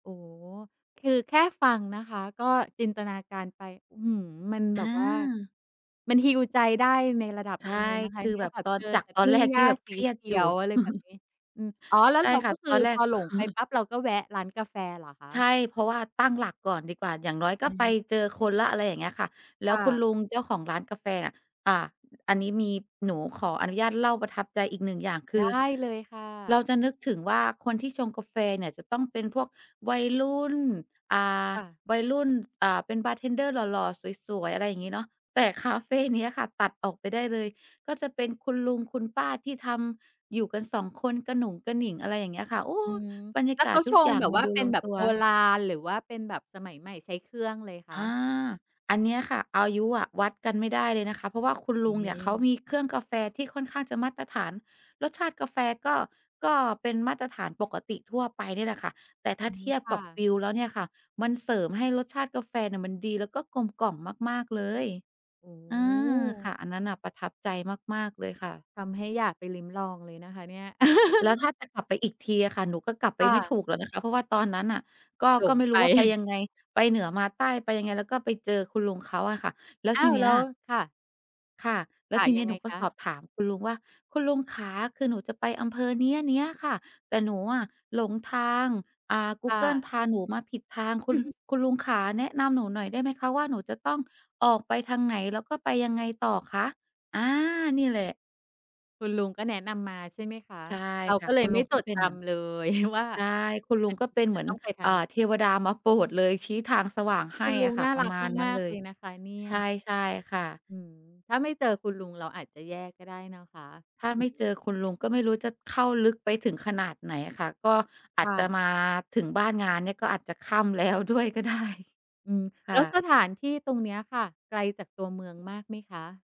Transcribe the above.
โอ้ คือแค่ฟังนะคะก็จินตนาการไป อื้อฮือ มันแบอบว่า า มัน heal ใจได้ในระดับใชหน่ ึ่งเลยนะคคะือเนี่แบย บแบบตอเน จอจาแกต่ตทอุน่แรงกหญที้่าแบบสเคีรียเขดีอยู่ ยว อะไรแบบนี้ อืม อ๋อ แล้วใช่เราค่กะ ็คตือ อนแรพก อหลงไปปั๊บ เราก็แวะร้านกาแฟเหรอคะ? ใช่ เพราะว่าตั้งหลักก่อนดีกว่า อย่างน้อยก็อือไปฮึ เจออืคอ นแล้ว อะไรอย่างเงี้ยค่ะ แลค้ว่คุณะ ลุงเจ้าของร้านกาแฟอะ อ่า อ อันนี้มี หนูขออนุญาตเล่าประทับใจอีกหนึ่งอย่าง คไดือ้เลยค่ะ เราจะนึกถึงว่า คนที่ชงกาแฟเนี่ยจะต้องเป็นพวกวัยรุ่น อ่า ค่ะ วัยรุ่น อ่า เป็นบาร์เทนเดอร์หล่อ ๆ สวย ๆ อะไรอย่างงี้เนาะ แต่คาเฟเนี้ยค่ะตัดออกไปได้เลย ก็จะเป็นคุณลุงคุณป้าที่ทำอยู่กัน 2 คน กระหนุงกระหนิง อะไรอย่างเงี้ยค่ะ โอ้ อืม บรรยแาล้วกเาขศาทชุกงอย่าแงบบมัวน่าดูเป็ลนงแบบตัโว บราณ หรือว่าเป็นแบบสมัยใหม่ ใช้เครื่องเลยคอะ? า อันเนี้ยค่ะ อายุอะ วัดกัน ไม่ได้เลยนะคะ เพราะว่าคุณอยล่าุงงงเนีี่ย เขา้ มีเครื่องกาแฟที่ค่อนข้างจะมาตรฐาน รสชาติกาแฟก็ ก็เป็นมาตรฐานปกติทั่วไปเนี่ยแหละค่ะ แต่ ถ้อาืเม ทียบคก่ับวะ ิวแล้วเนี่ยค่ะ มันเสริมให้รสชาติกาแฟเนี่ยมันดีแล้วก็กลมกล่อมมาก ๆ เลย โอ้อา โค่ะ ฮ! อันนั้นน่ะประทับใจมาก ๆ เลยค่ะ ทำให้อยากไปลิ้มลองเลยนะคะเนี่ย แล้วถ้าจะกลับไปอีกทีอะค่ะ หนูก็กลับไคป่ไม่ะ ถูกแล้วนะคะ เพราะว่าตอนนั้นน่ะก็ หลก็งไม่รไป ู้ว่า ไป ยังไง ไปเหนือมาใต้ ไปยังไง แล้วก็ไปเจอคุณลุงเขาอะค่ะ แล้วอ้ทาีว เนี้แลย ้ว ค่ะ ค่ะ แลค้ว่ะ ทีเยนัี้งยไงหนูก็ คะ? สอบถามคุณลุงว่า "คุณลุงขา คือหนูจะไปอำเภอเนี้ย ๆ ค่ะ แต่หนูอะหลงทาง อ่า ค่Google พะ าหนูมาผิดทาง คุณ คุณลุงขาแนะ นำหนูหน่อยได้ไหมคะ? ว่า หนูจะต้องออกไปทางไหน? แล้วก็ไปยังไงต่อคะ?" อา นี่แหละ คุณลุงก็แนะนำมา ใช่ไหมคะ? ใช่เราค่กะ ็เลคุยณไลมุ่งผจู้ดเป็จนเหมือน ำเลย ว่า ใช่ คุณลุมังน ก็เป็นมเัหมนือน ต้องไปทเาอ่งอ ไหน? เทวดามาโปรดเลย ชี้ทางสว่างใหคุ้ณลุอะงค่นะ ่าปรระักมาณนั้มนาเก ลๆ เลย ยนะคะเนี่ใชย ่ ใช่ค่ะ อืม ถ้าไม่เจอคุณลุง เราอาจจะแย่ก็ได้นะคะ ถ้าอืไม่ อ เจอคุณลุง ก็ไม่รู้จะเข้าลึกไปถึงขนาดไหนอะค่ะ ก็อคาจ่จะ ะมาถึงบ้านงานเนี่ย ก็อาจจะค่ำ แล้วด้วยก็ได้ อืม คแล่้วสะ ถานที่ตรงเนี้ยค่ะ ไกลจากตัวเมืองมากไหมคะ?